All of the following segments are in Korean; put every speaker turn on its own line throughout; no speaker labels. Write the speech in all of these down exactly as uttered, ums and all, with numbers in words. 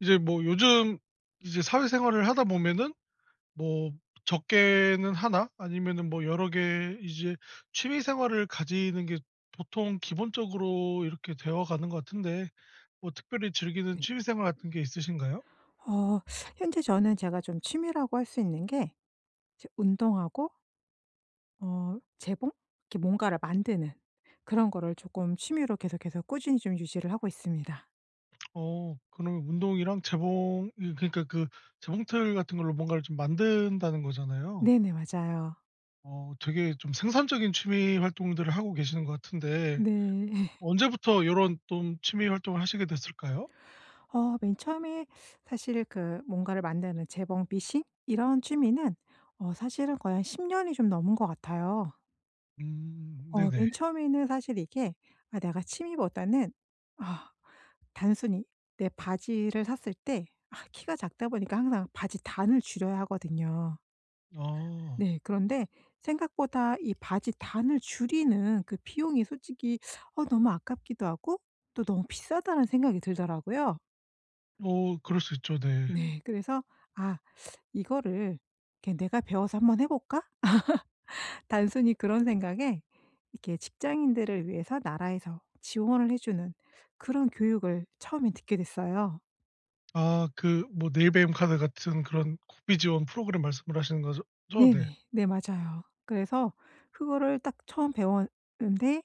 이제 뭐 요즘 이제 사회 생활을 하다 보면은 뭐 적게는 하나 아니면은 뭐 여러 개 이제 취미 생활을 가지는 게 보통 기본적으로 이렇게 되어가는 것 같은데 뭐 특별히 즐기는
네.
취미 생활 같은 게 있으신가요?
어. 현재 저는 제가 좀 취미라고 할 수 있는 게 저 운동하고 어, 재봉? 이렇게 뭔가를 만드는 그런 거를 조금 취미로 계속해서 꾸준히 좀 유지를 하고 있습니다.
어. 그러면 운동이랑 재봉 예, 그러니까 그 재봉틀 같은 걸로 뭔가를 좀 만든다는 거잖아요.
네네. 맞아요.
어 되게 좀 생산적인 취미 활동들을 하고 계시는 것 같은데
네.
언제부터 요런 좀 취미 활동을 하시게 됐을까요?
어. 맨 처음에 사실 그 뭔가를 만드는 재봉 미싱? 이런 취미는 어 사실은 거의 한 십 년이 좀 넘은 것 같아요.
음.
어
네네.
맨 처음에는 사실 이게 아 내가 취미보다는 아, 단순히 내 바지를 샀을 때 아 키가 작다 보니까 항상 바지 단을 줄여야 하거든요.
아.
네. 그런데 생각보다 이 바지 단을 줄이는 그 비용이 솔직히 어 너무 아깝기도 하고 또 '너무 비싸다.'라는 생각이 들더라고요.
어 그럴 수 있죠. 네.
네. 그래서 아 이거를 이렇게 내가 배워서 한번 해볼까? 단순히 그런 생각에 이렇게 직장인들을 위해서 나라에서 지원을 해주는 그런 교육을 처음에는 듣게 됐어요.
아 그 뭐 내일배움카드 같은 그런 국비 지원 프로그램 말씀을 하시는 거죠 죠? 네.
네네. 네 맞아요. 그래서 그거를 딱 처음 배웠는데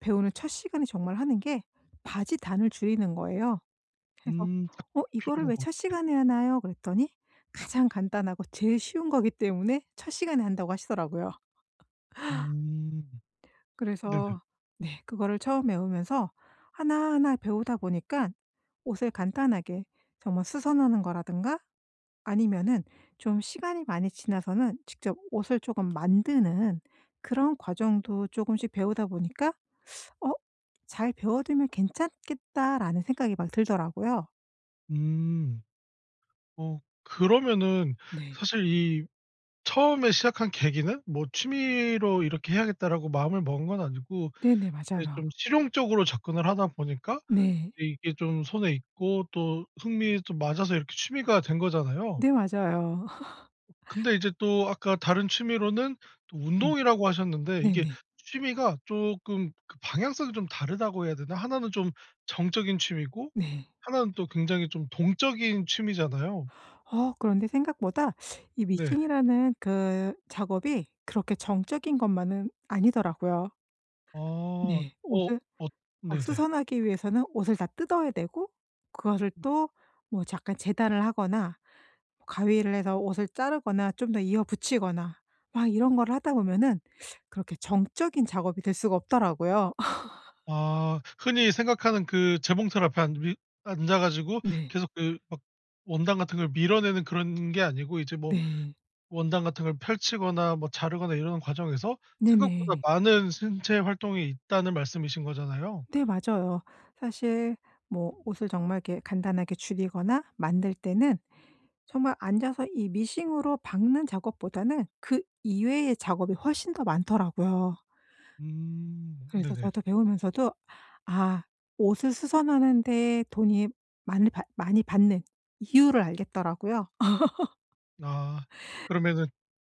배우는 첫 시간에 정말 하는 게 바지 단을 줄이는 거예요. 그래서
음. 딱
어 이거를
필요한
왜
건데.
첫 시간에 하나요? 그랬더니 가장 간단하고 제일 쉬운 거기 때문에 첫 시간에 한다고 하시더라고요.
음. 네네.
그래서 네. 그거를 처음 배우면서 하나하나 배우다 보니까 옷을 간단하게 정말 수선하는 거라든가 아니면은 좀 시간이 많이 지나서는 직접 옷을 쪼금 만드는 그런 과정도 쪼금씩 배우다 보니까 어 '잘 배워두면 괜찮겠다.'라는 생각이 막 들더라고요.
음. 어 그러면은
네.
사실 이 처음에 시작한 계기는 뭐 '취미로 이렇게 해야겠다.'라고 마음을 먹은 건 아니고
네네.
이제
맞아요.
좀 실용적으로 접근을 하다 보니까
네.
이게 좀 손에 익고 또 흥미도 맞아서 이렇게 취미가 된 거잖아요.
네 맞아요.
근데 이제 또 아까 다른 취미로는 또
음.
운동이라고 하셨는데 이게
네네.
취미가 쪼끔 그 방향성이 좀 다르다고 해야 되나? 하나 는 좀 정적인 취미고
네.
하나 는 또 굉장히 좀 동적인 취미잖아요.
어 그런데 생각보다 이
네.
미싱이라는 그 작업이 그렇게 정적인 것만은 아니더라고요.
아. 어.
네. 옷을
엇
막
네네.
수선하기 위해서는 옷을 다 뜯어야 되고 그것을 또 뭐 잠깐 재단을 하거나, 가위를 해서 옷을 자르거나 좀 더 이어 붙이거나 막 이런 거를 하다 보면은 그렇게 정적인 작업이 될 수가 없더라고요.
아 흔히 생각하는 그 재봉틀 앞에 앉아 위 앉아가지고
네.
계속 그 막 원단 같은 걸 밀어내는 그런 게 아니고 이제 뭐
네.
원단 같은 걸 펼치거나 뭐 자르거나 이러는 과정에서 생각보다
네네.
많은 신체 활동이 있다는 말씀이신 거잖아요.
네 맞아요. 사실 뭐 옷을 정말 이렇게 간단하게 줄이거나 만들 때는 정말 앉아서 이 미싱으로 박는 작업보다는 그 이외의 작업이 훨씬 더 많더라고요.
음
그래서
네네.
저도 배우면서도 아 옷을 수선하는 데 돈이 많이 받 많이 받는 이유를 알겠더라고요.
아. 그러면은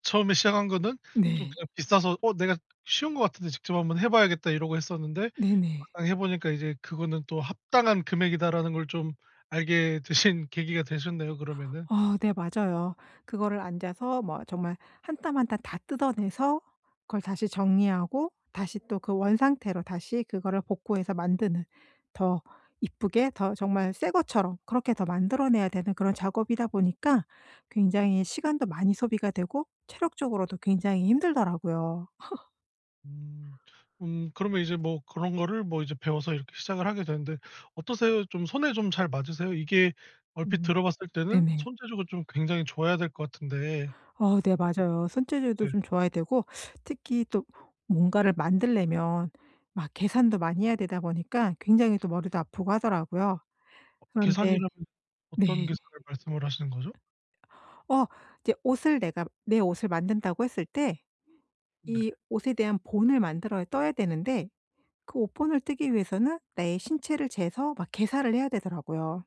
처음에 시작한 거는 좀
네.
그냥 비싸서 어 내가 '쉬운 것 같은데 직접 한번 해봐야겠다.' 이러고 했었는데
네네.
막상 해보니까 이제 그거는 또 '합당한 금액이다.'라는 걸 좀 알게 되신 계기가 되셨네요 그러면은.
어. 네 맞아요. 그거를 앉아서 뭐 정말 한 땀 한 땀 다 뜯어내서 그걸 다시 정리하고 다시 또 그 원상태로 다시 그거를 복구해서 만드는, 더 예쁘게 더 정말 새것처럼 그렇게 더 만들어 내야 되는 그런 작업이다 보니까 굉장히 시간도 많이 소비가 되고 체력적으로도 굉장히 힘들더라고요.
음. 음. 그러면 이제 뭐 그런 거를 뭐 이제 배워서 이렇게 시작을 하게 되는데, 어떠세요? 좀 손에 좀 잘 맞으세요? 이게 얼핏
음.
들어봤을 때는
네네.
손재주가 좀 굉장히 좋아야 될 것 같은데.
어. 네 맞아요. 손재주도
뭐 네.
좀 좋아야 되고 특히 또 뭔가를 만들려면 막 계산도 많이 해야 되다 보니까 굉장히 또 머리도 아프고 하더라고요. 그런데
계산이라면
네.
어떤 계산을 말씀을 하시는 거죠?
어. 이제 옷을 내가 내 옷을 만든다고 했을 때
네.
이 옷에 대한 본을 만들어야 떠야 되는데 그 옷 본을 뜨기 위해서는 내 신체를 재서 막 계살을 해야 되더라고요.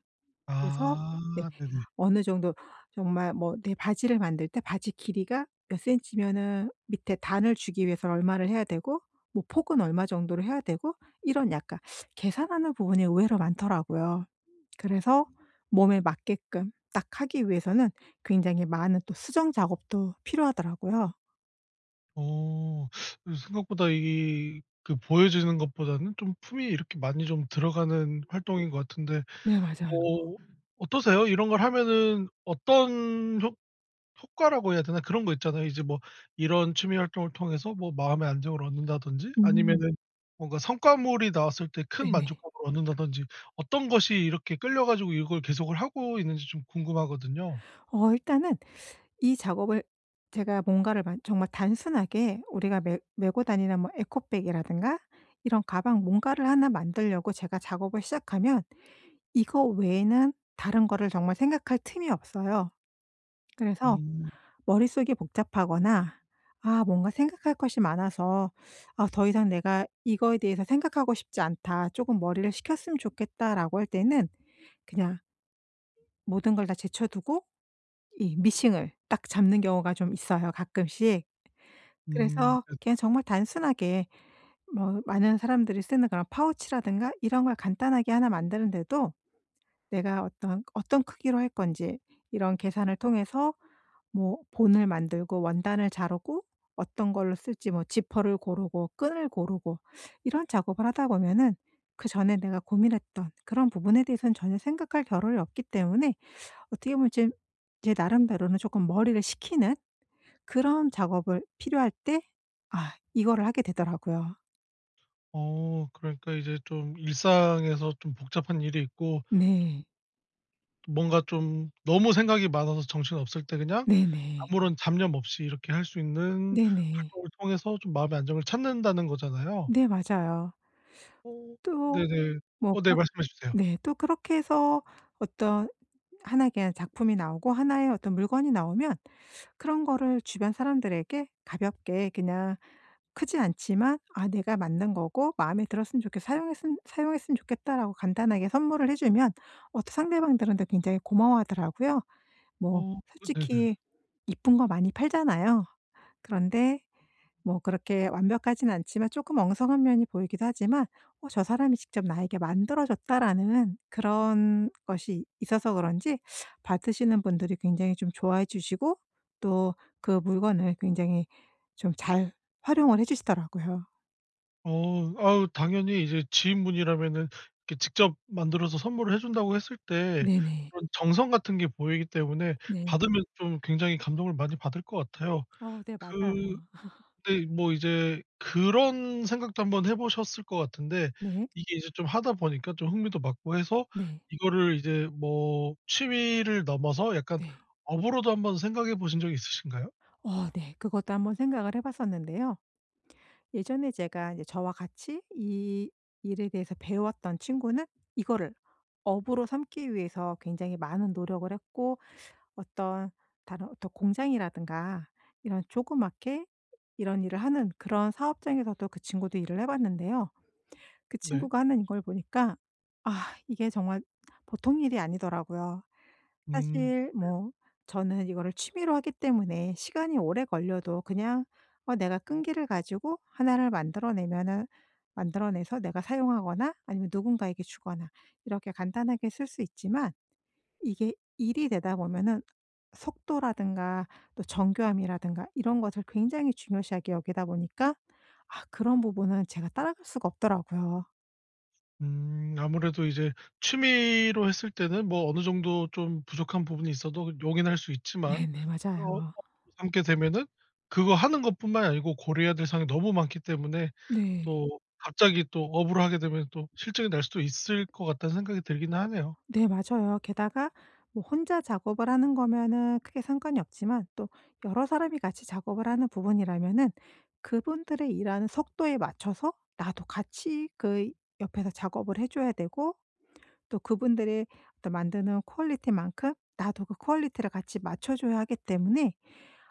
그래서 네.
아. 네네.
어느 정도 정말 뭐 내 바지를 만들 때 바지 길이가 몇 센치면은 밑에 단을 주기 위해서 얼마를 해야 되고 뭐 폭은 얼마 정도를 해야 되고 이런 약간 계산하는 부분이 의외로 많더라고요. 그래서 몸에 맞게끔 딱 하기 위해서는 굉장히 많은 또 수정 작업도 필요하더라고요.
어 이 생각보다 이게 보여지는 것보다는 좀 품이 이렇게 많이 좀 들어가는 활동인 것 같은데
네. 맞아요.
뭐 어떠세요? 이런 걸 하면은 어떤 효 효과라고 해야 되나? 그런 거 있잖아요. 이제 뭐 이런 취미 활동을 통해서 뭐 마음의 안정을 얻는다든지
음.
아니면은 뭔가 성과물이 나왔을 때 큰
네네.
만족감을 얻는다든지, 어떤 것이 이렇게 끌려 가지고 이걸 계속을 하고 있는지 좀 궁금하거든요.
어 일단은 이 작업을 제가 뭔가를 만 정말 단순하게 우리가 메 메고 다니는 뭐 에코백이라든가 이런 가방 뭔가를 하나 만들려고 제가 작업을 시작하면 이거 외에는 다른 거를 정말 생각할 틈이 없어요. 그래서
음.
머릿속이 복잡하거나 '아 뭔가 생각할 것이 많아서 아 더 이상 내가 이거에 대해서 생각하고 싶지 않다. 조금 머리를 식혔으면 좋겠다.'라고 할 때는 그냥 모든 걸 다 제쳐두고 이 미싱을 딱 잡는 경우가 좀 있어요, 가끔씩.
음
그래서
네.
그냥 정말 단순하게 뭐 많은 사람들이 쓰는 그런 파우치라든가 이런 걸 간단하게 하나 만드는 데도 내가 어떤 그 어떤 크기로 할 건지 이런 계산을 통해서 뭐 본을 만들고 원단을 자르고 어떤 걸로 쓸지 뭐 지퍼를 고르고 끈을 고르고 이런 작업을 하다 보면은 그 전에 내가 고민했던 그런 부분에 대해서는 전혀 생각할 겨를이 없기 때문에 어떻게 보면 제 제 나름대로는 조금 머리를 식히는 그런 작업을 필요할 때 아 이거를 하게 되더라고요.
어 그러니까 이제 좀 일상에서 좀 복잡한 일이 있고 좀
네.
뭔가 좀 너무 생각이 많아서 정신없을 때 그냥
네네.
아무런 잡념 없이 이렇게 할 수 있는
네네.
활동을 통해서 좀 마음의 안정을 찾는다는 거잖아요.
네, 맞아요.
어
또
네네. 어 네
뭐가
말씀해 주세요.
네 또 그렇게 해서 어떤 하나 의 그냥 작품이 나오고 하나 의 어떤 물건이 나오면 그런 거를 주변 사람들에게 가볍게 그냥 크지 않지만 "아 내가 만든 거고 마음에 들었으면 좋겠어. 사용했음 사용했으면 좋겠다."라고 간단하게 선물을 해 주면 어 상대방들한테 굉장히 고마워하더라고요. 뭐
어 네네.
솔직히 이쁜 거 많이 팔잖아요. 그런데 뭐 그렇게 완벽하진 않지만 쪼끔 엉성한 면이 보이기도 하지만 '어 저 사람이 직접 나에게 만들어줬다.'라는 그런 것이 있어서 그런지 받으시는 분들이 굉장히 좀 좋아해 주시고 또 그 물건을 굉장히 좀 잘 활용을 해 주시더라고요.
어 아우 당연히 이제 지인분이라면은 이렇게 직접 만들어서 선물을 해 준다고 했을 때
네네.
그런 정성 같은 게 보이기 때문에
네.
받으면 좀 굉장히 감동을 많이 받을 것 같아요.
어 네,
그
맞아요.
근데 뭐 이제 그런 생각도 한번 해 보셨을 것 같은데
네.
이게 이제 좀 하다 보니까 좀 흥미도 맞고 해서
네.
이거를 이제 뭐 취미를 넘어서 약간
네.
업으로도 한번 생각해 보신 적이 있으신가요?
어, 네. 그것도 한번 생각을 해 봤었는데요. 예전에 제가 이제 저와 같이 이 일에 대해서 배웠던 친구는 이거를 업으로 삼기 위해서 굉장히 많은 노력을 했고 어떤 다른 어떤 공장이라든가 이런 조그맣게 이런 일을 하는 그런 사업장에서도 그 친구도 일을 해 봤는데요. 그
네.
친구가 하는 이걸 보니까 아 이게 정말 보통 일이 아니더라고요.
음.
사실
네.
뭐 저는 이거를 취미로 하기 때문에 시간이 오래 걸려도 그냥 어 내가 끈기를 가지고 하나 를 만들어 내면은 만들어내서 내가 사용하거나 아니면 누군가에게 주거나 이렇게 간단하게 쓸 수 있지만 이게 일이 되다 보면은 속도라든가 또 정교함이라든가 이런 것을 굉장히 중요시하게 여기다 보니까 아 그런 부분은 제가 따라갈 수가 없더라고요.
음. 아무래도 이제 취미로 했을 때는 뭐 어느 정도 좀 부족한 부분이 있어도 용인할 수 있지만
네네. 맞아요.
[unintelligible] 삼게 되면은 그거 하는 것뿐만 아니고 고려해야 될 사항이 너무 많기 때문에
네.
또 갑자기 또 업으로 하게 되면 또 싫증날 수도 있을 것 같다는 생각이 들긴 하네요.
네. 맞아요. 게다가 뭐 혼자 작업을 하는 거면은 크게 상관이 없지만 또 여러 사람이 같이 작업을 하는 부분이라면은 그분들의 일하는 속도에 맞춰서 나도 같이 그 옆에서 작업을 해 줘야 되고 또 그분들이 어떤 만드는 퀄리티만큼 나도 그 퀄리티를 같이 맞춰 줘야 하기 때문에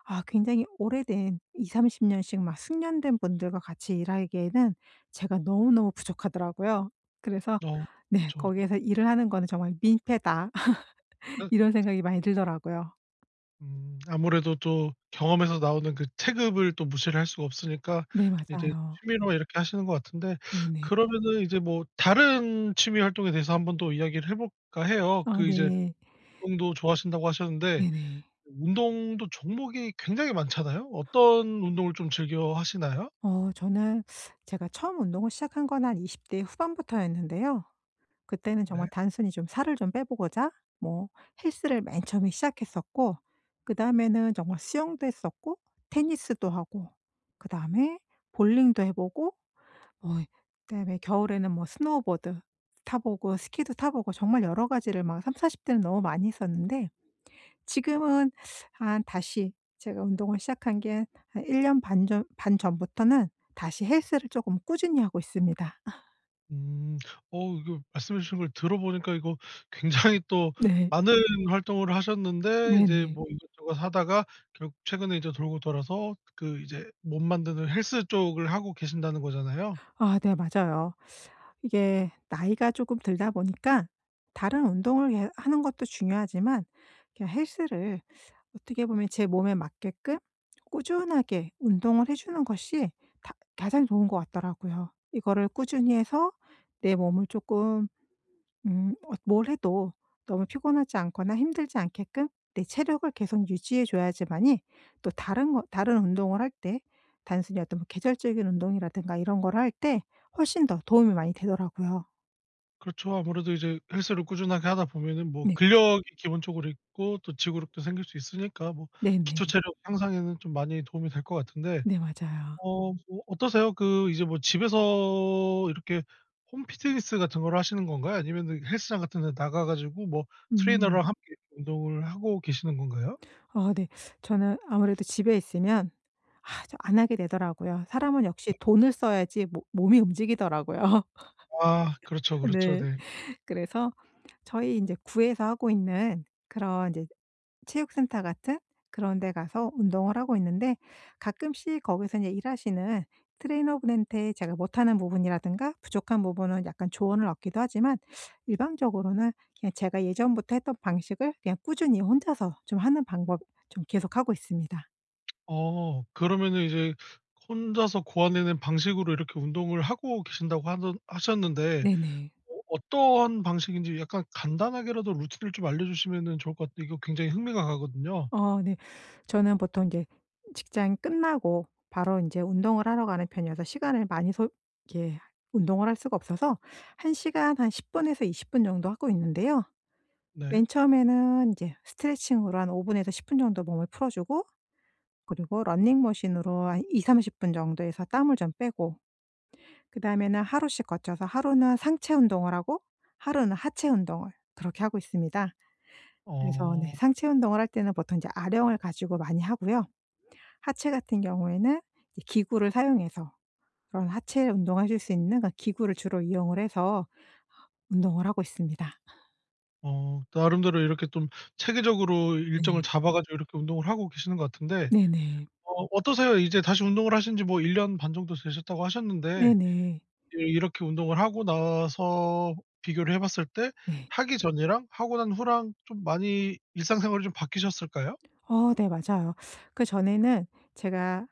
아 굉장히 오래된 이삼십 년씩 막 숙련된 분들과 같이 일하기에는 제가 너무너무 부족하더라고요. 그래서
어.
네.
그쵸. 그
'거기에서 일을 하는 거는 정말 민폐다.'
아
이런
그쵸.
생각이 많이 들더라고요.
음. 아무래도 또 경험에서 나오는 그 체급을 또 무시를 할 수가 없으니까
네.
이제
맞아요.
취미로 이렇게 하시는 것 같은데
네네.
그러면은 이제 뭐 다른 취미 활동에 대해서 한번 또 이야기를 해볼까 해요.
아
그 이제
네.
운동도 좋아하신다고 하셨는데
네네.
운동도 종목이 굉장히 많잖아요. 어떤 운동을 좀 즐겨 하시나요?
어 저는 제가 처음 운동을 시작한 건 한 이십 대 후반부터였는데요. 그때는 정말
네.
단순히 좀 살을 좀 빼 보고자 뭐 헬스를 맨 처음에 시작했었고 그다음에는 정말 수영도 했었고 테니스도 하고 그다음에 볼링도 해 보고 어 그다음에 겨울에는 뭐 스노보드 타 보고 스키도 타 보고 정말 여러 가지를 막 삼사십 대는 너무 많이 했었는데 지금은 한 다시 제가 운동을 시작한 게 한 한 일 년 반 전 반 전부터는 다시 헬스를 조금 꾸준히 하고 있습니다.
음. 어. 이거 말씀해 주신 걸 들어보니까 이거 굉장히 또
네.
많은 활동을 하셨는데 이제
네네.
뭐 이것저것 하다가 결국 최근에 이제 돌고 돌아서 그 이제 몸 만드는 헬스 쪽을 하고 계신다는 거잖아요?
아. 네. 맞아요. 이게 나이가 쪼끔 들다 보니까 다른 운동을 예 하는 것도 중요하지만 그 헬스를 어떻게 보면 제 몸에 맞게끔 꾸준하게 운동을 해 주는 것이 다 가장 좋은 것 같더라고요. 이거를 꾸준히 해서 내 몸을 쪼끔 음 어 뭘 해도 너무 피곤하지 않거나 힘들지 않게끔 내 체력을 계속 유지해 줘야지만이 또 다른 거 다른 운동을 할 때 단순히 어떤 계절적인 운동이라든가 이런 걸 할 때 훨씬 더 도움이 많이 되더라고요.
그렇죠. 아무래도 이제 헬스를 꾸준하게 하다 보면은 뭐
네.
근력이 기본적으로 있고 또 지구력도 생길 수 있으니까 뭐
네네.
기초 체력 향상에는 좀 많이 도움이 될 것 같은데.
네. 맞아요.
어 뭐 어떠세요? 그 이제 뭐 집에서 이렇게 홈 피트니스 같은 거를 하시는 건가요? 아니면은 헬스장 같은 데 나가 가지고 뭐
음.
트레이너랑 함께 운동을 하고 계시는 건가요?
아. 네. 저는 아무래도 집에 있으면 저 안 하게 되더라고요. 사람은 역시
네.
돈을 써야지 모 몸이 움직이더라고요.
아. 그렇죠, 그렇죠.
네.
네.
그래서 저희 인제 구에서 하고 있는 그런 인제 체육 센터 같은 그런 데 가서 운동을 하고 있는데 가끔씩 거기서 인제 일하시는 트레이너 분한테 제가 못하는 부분이라든가 부족한 부분은 약간 조언을 얻기도 하지만 일반적으로는 그냥 제가 예전부터 했던 방식을 그냥 꾸준히 혼자서 좀 하는 방법 좀 계속하고 있습니다.
어. 그러면은 이제 혼자서 고안해 낸 방식으로 이렇게 운동을 하고 계신다고 하는 하셨는데
네네.
어 어떠한 방식인지 약간 간단하게라도 루트를 좀 알려주시면은 좋을 것 같 이거 굉장히 흥미가 가거든요.
어 네. 저는 보통 인제 직장이 끝나고 바로 인제 운동을 하러 가는 편이어서 시간을 많이 소 이렇게 운동을 할 수가 없어서 한 시간 한 십 분에서 이십 분 정도 하고 있는데요.
네.
맨 처음에는 인제 스트레칭으로 한 오 분에서 십 분 정도 몸을 풀어주고 그리고 러닝머신으로 한 이삼십 분 정도 해서 땀을 좀 빼고 그다음에는 하루씩 거쳐서 하루는 상체 운동을 하고 하루는 하체 운동을 그렇게 하고 있습니다. 그래서 네
어.
상체 운동을 할 때는 보통 인제 아령을 가지고 많이 하고요. 하체 같은 경우에는 이제 기구를 사용해서 그런 하체 운동을 하실 수 있는 그런 기구를 주로 이용을 해서 어 운동을 하고 있습니다.
어. 나름대로 이렇게 좀 체계적으로 일정을
네.
잡아 가지고 이렇게 운동을 하고 계시는 것 같은데
네네.
어 어떠세요? 이제 다시 운동을 하신 지 뭐 일 년 반 정도 되셨다고 하셨는데
네네.
예, 이렇게 운동을 하고 나서 비교를 해 봤을 때
네.
하기 전이랑 하고 난 후랑 좀 많이 일상생활이 좀 바뀌셨을까요?
어 네. 맞아요. 그전에는 제가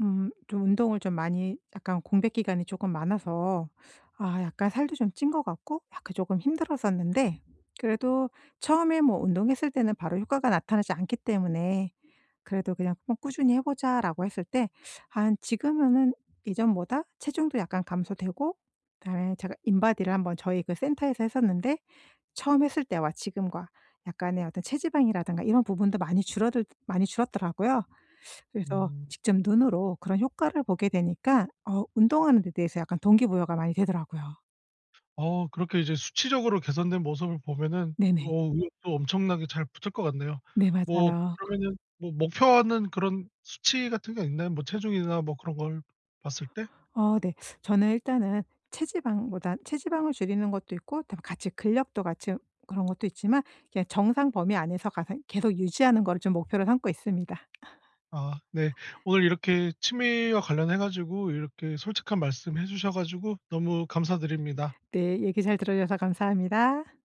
음 좀 운동을 좀 많이 약간 공백 기간이 조금 많아서 아 약간 살도 좀 찐 것 같고 약간 조금 힘들었었는데 그래도 처음에 뭐 운동했을 때는 바로 효과가 나타나지 않기 때문에 그래도 그냥 어 "꾸준히 해 보자."라고 했을 때 한 지금은 이전보다 체중도 약간 감소되고 그다음에 제가 인바디를 한번 저희 그 센터에서 했었는데 처음 했을 때와 지금과 약간의 어떤 체지방이라든가 이런 부분도 많이 줄어들 많이 줄었더라고요. 그래서
음.
직접 눈으로 그런 효과를 보게 되니까 어 운동하는 데 대해서 약간 동기부여가 많이 되더라고요.
어 그렇게 이제 수치적으로 개선된 모습을 보면은
네네.
어 의욕도 엄청나게 잘 붙을 것 같네요.
네.
뭐
맞아요.
그러면은 뭐 목표하는 그런 수치 같은 게 있나요? 뭐 체중이나 뭐 그런 걸 봤을 때?
어 네. 저는 일단은 체지방보다 체지방을 줄이는 것도 있고 그다음에 같이 근력도 같이 으 그런 것도 있지만 이렇게 정상 범위 안에서 가생 계속 유지하는 거를 좀 목표로 삼고 있습니다.
아. 네. 오늘 이렇게 취미와 관련해 가지고 이렇게 솔직한 말씀 해 주셔 가지고 너무 감사드립니다.
네. 얘기 잘 들어주셔서 감사합니다.